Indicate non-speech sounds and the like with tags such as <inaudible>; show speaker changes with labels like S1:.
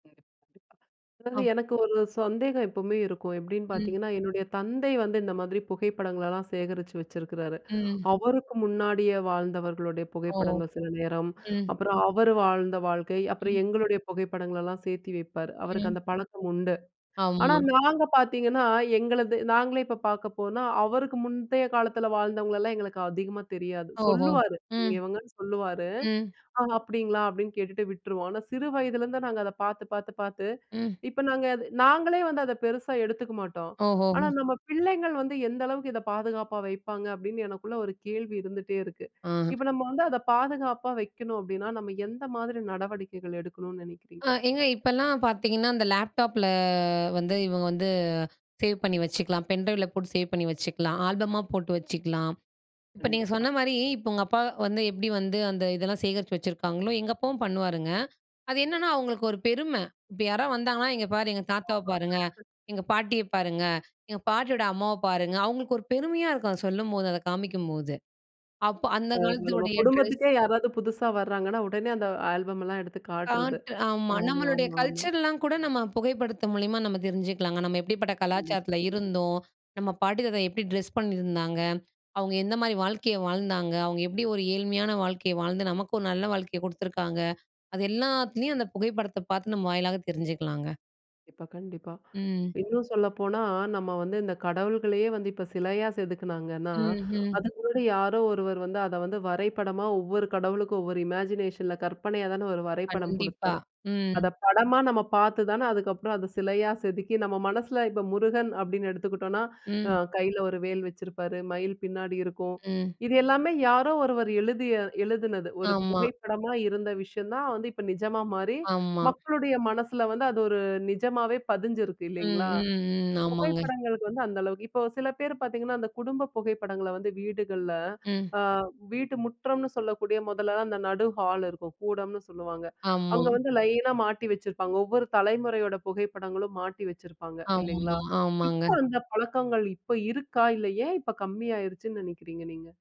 S1: <unintelligible> அதாவது
S2: ஒ!
S1: எனக்கு ஒரு சந்தேகம் எப்பவுமே இருக்கும். எப்டின்னு
S2: ம்.
S1: பார்த்தீங்கன்னா, என்னுடைய தந்தை வந்து இந்த மாதிரி புகைப்படங்களெல்லாம் சேகரிச்சு வச்சுருக்றாரு.
S2: ம்.
S1: அவருக்கு முன்னாடியே வாழ்ந்தவர்களுடைய
S2: ஓ!
S1: புகைப்படங்கள் சில நேரம்,
S2: ம்.
S1: அப்புறம் அவரு வாழ்ந்த வாழ்க்கை, அப்புறம்
S2: ம்.
S1: எங்களுடைய புகைப்படங்களெல்லாம் சேர்த்தி வைப்பாரு. அவருக்கு
S2: ம்.
S1: அந்த பழக்கம் உண்டு. ஆனா
S2: ஆமா.
S1: நாங்க பார்த்தீங்கன்னா, எங்களது நாங்களே இப்ப பார்க்க போனா, அவருக்கு முந்தைய காலத்ல வாழ்ந்தவங்களல்லாம் எங்களுக்கு அதிகமா தெரியாது.
S2: ஓஹோ!
S1: சொல்லுவாரு.
S2: ம்.
S1: இவங்கன்னு சொல்லுவாரு.
S2: ம்.
S1: அப்டிங்களா? அப்டின்னு கேட்டுட்டு விட்ருவோம். ஆனா சிறு வயதிலேருந்து நாங்க அத பார்த்து பார்த்து பார்த்து,
S2: ம்.
S1: இப்ப நாங்க அது நாங்களே வந்து அத பெருசா எடுத்துக்க மாட்டோம்.
S2: ஓஹோ.
S1: ஆனா நம்ம பிள்ளைங்கள் வந்து எந்த அளவுக்கு இத பாதுகாப்பா வைப்பாங்க. அப்டின்னு எனக்குள்ள ஒரு கேள்வி இருந்துகிட்டே இருக்கு.
S2: ஆஹ.
S1: இப்ப நம்ம வந்து அத பாதுகாப்பா வைக்கணும் அப்டின்னா, நம்ம எந்த மாதிரி நடவடிக்கைகள் எடுக்கணும்னு
S2: ஆ
S1: நெனைக்கிறீங்க?
S2: ஏங்க இப்பல்லாம் பார்த்தீதிங்கன்னா, அந்த லேப்டாப்ல வந்து இவங்க வந்து சேவ் பண்ணி வச்சுக்கலாம். பென்ட்ரைவ்ல போட்டு சேவ் பண்ணி வச்சுக்கலாம். ஆல்பமா போட்டு வச்சுக்கலாம். இப்ப நீங்க சொன்ன
S1: கண்டிப்பா.
S2: மாரி இப்ப உங்க அப்பா வந்து எப்டி வந்து அந்த இதெல்லாம் சேகரிச்சு வச்சுருக்காங்களோ, எங்க அப்பாவும் பண்ணுவாருங்க. அது என்னன்னா அவுங்களுக்கு ஒரு பெருமை. இப்ப யாராவது வந்தாங்கன்னா, இங்கே பாரு எங்க தாத்தாவ பாருங்க, எங்க
S1: <unintelligible>
S2: பாட்டிய பாருங்க, எங்க பாட்டியோட அம்மாவ பாருங்க, அவுங்களுக்கு ஒரு பெருமையா இருக்கும், அத சொல்லும்போது அத காமிக்கும்போது. அப்ப அந்த
S1: நம்ம
S2: காலத்துடைய ட்ரெஸ்
S1: குடும்பத்துக்கே யாராவது புதுசா வர்றாங்கன்னா, உடனே அந்த ஆல்பம்லாம் எடுத்து காட்றது.
S2: காட்டு ஆமா.
S1: ஆமா,
S2: நம்மளுடைய
S1: ஆமா, ஆமா.
S2: கல்ச்சர்லாம் கூட நம்ம புகைப்படத்த மூலியமா நம்ம தெரிஞ்சுக்கலாங்க. நம்ம எப்டிப்பட்ட
S1: கண்டிப்பா,
S2: கலாச்சாரத்ல
S1: கண்டிப்பா.
S2: இருந்தோம். நம்ம பாட்டி தாத்தா எப்டி ட்ரெஸ் பண்ணியிருந்தாங்க? அவங்க எந்த மாதிரி வாழ்க்கைய வாழ்ந்தாங்க? அவுங்க எப்டி ஒரு ஏழ்மையான வாழ்க்கைய வாழ்ந்து, நமக்கு ஒரு நல்ல வாழ்க்கைய குடுத்துருக்காங்க. அது எல்லாத்துலயும் அந்த புகைப்படத்த பார்த்து நம்ம வாயிலாக தெரிஞ்சுக்கலாங்க.
S1: இப்ப கண்டிப்பா,
S2: ம்.
S1: இன்னும் சொல்லப்போனா, நம்ம வந்து இந்த கடவுள்களையே வந்து, இப்ப சிலையா செதுக்கினாங்கன்னா,
S2: ம். ம்.
S1: அதுக்கு முன்னாடி யாரோ ஒருவர் வந்து, அத வந்து வரைபடமா ஒவ்வொரு கடவுளுக்கும் ஒவ்வொரு இமேஜினேஷன்ல கற்பனையா தானே ஒரு வரைபடம்
S2: கண்டிப்பா.
S1: குடுத்தாரு.
S2: ம்.
S1: அத படமா நம்ம பார்த்து தானே அதுக்கப்புறம் அத சிலையா செதுக்கி, நம்ம மனசில இப்ப முருகன் அப்டின்னு எடுத்துக்கிட்டோம்னா, அ
S2: ம்.
S1: கையில ஒரு வேல் வச்சிருப்பாரு. மயில் பின்னாடி இருக்கும்.
S2: ம்.
S1: இது எல்லாமே யாரோ ஒருவர் எழுதிய எழுதினது. ஒரு
S2: ஆமா.
S1: புகைப்படமா இருந்த விஷயம் தான், வந்து இப்போ நிஜமா மாறி,
S2: ஆமா.
S1: மக்களுடைய மனசுல வந்து, அது ஒரு நிஜமாவே பதிஞ்சிருக்கு
S2: ம்.
S1: இல்லைங்களா?
S2: ம். ம். ஆமாங்க.
S1: புகைப்படங்களுக்கு வந்து அந்த அளவுக்கு, இப்ப சில பேரு பார்த்தீங்கன்னா, அந்த குடும்ப புகைப்படங்கள வந்து வீடுகள்ல.
S2: ம்.
S1: ஆ வீட்டு முற்றம்னு சொல்லக்கூடிய மொதல்லதான் அந்த நடு ஹால் இருக்கும். கூடம்னு சொல்லுவாங்க.
S2: ஆமா.
S1: அங்க வந்து லைனா மாட்டி வச்சுருப்பாங்க. ஒவ்வொரு தலைமுறையோட புகைப்படங்களும் மாட்டி வச்சுருப்பாங்க.
S2: ஆமா,
S1: இல்லைங்களா? இப்ப
S2: ஆமாங்க.
S1: அந்த பழக்கங்கள் இப்ப இருக்கா? இல்ல ஏன் இப்ப கம்மி ஆயிடுச்சுன்னு நெனைக்கிறீங்க நீங்க?